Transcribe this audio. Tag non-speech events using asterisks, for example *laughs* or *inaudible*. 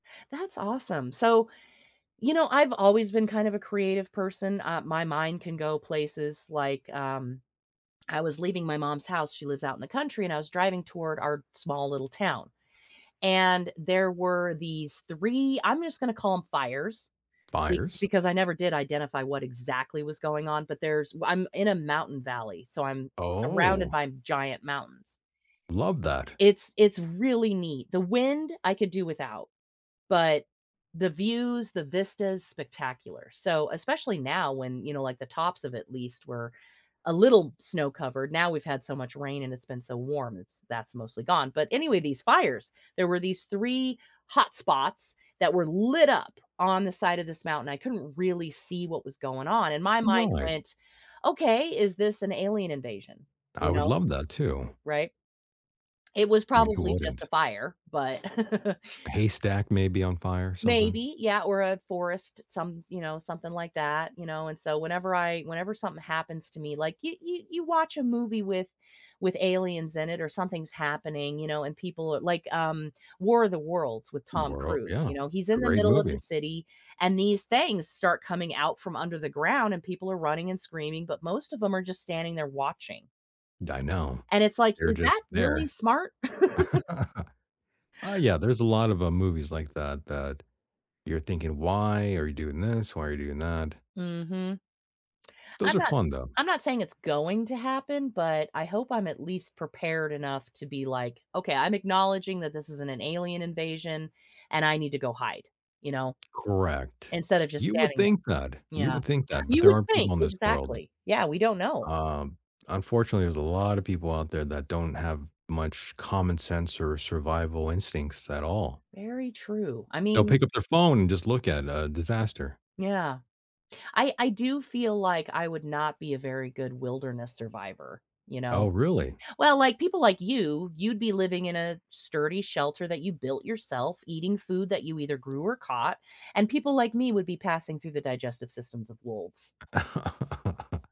That's awesome. So, you know, I've always been kind of a creative person, uh, my mind can go places like, um, I was leaving my mom's house- she lives out in the country- and I was driving toward our small little town. And there were these 3- I'm just gonna call 'em fires be Fires? because I never did identify what exactly was going on- but there's w I'm in a mountain valley, so I'm surrounded Oh. by giant mountains. Love that. It's it's really neat. The wind, I could do without, but the views, the vista's spectacular. So especially now when, you know, like the tops of at least were a little snow covered. Now we've had so much rain, and it's been so warm, it's that's mostly gone. But anyway, these fires, there were these 3 hot spots that were lit up on the side of this mountain. I couldn't really see what was going on, and my mind Right. went, "Okay, is this an alien invasion?" I You would know love that, too. Right. It was I mean, who probably just wouldn't? a fire, but *chuckles* A haystack may be on fire or something. Maybe, yeah, or a forest, some s you know, something like that, you know, and so whenever I whenever something happens to me, like you you you watch a movie with with aliens in it, or something's happening, you know, and people a like, um, War of the Worlds with Tom Worl Cruise, Yeah. you know, he's in the Great middle of the movie. city, and these things start coming out from under the ground, and people are running and screaming, but most of 'em are just standing there watching. D I know. And it's like, They're is that just really there. smart? *chuckles* *laughs* Ah, yeah. There's a lot of, uh, movies like that that you're thinking, "Why are you doing this? Why are you doing that?" Mhm. Those I'm are not s fun, though. I'm not saying it's going to happen, but I hope I'm at least prepared enough to be like, "Okay, I'm acknowledging that this is an an alien invasion, and I need to go hide," you know, Correct. instead of just You would standing think that. there, you You know. would think that, but You there would are think. people in this world Exactly. Yeah. We don't know. Um, unfortunately, there's a lotta people out there that don't have much common sense or survival instincts at all. Very true. I They'll mean pick up their phone and just look at a disaster. Yeah. I I do feel like I would not be a very good wilderness survivor, you know. Oh, really? Well, like, people like you, you'd be living in a sturdy shelter that you built yourself, eating food that you either grew or caught, and people like me would be passing through the digestive systems of wolves. *laughs*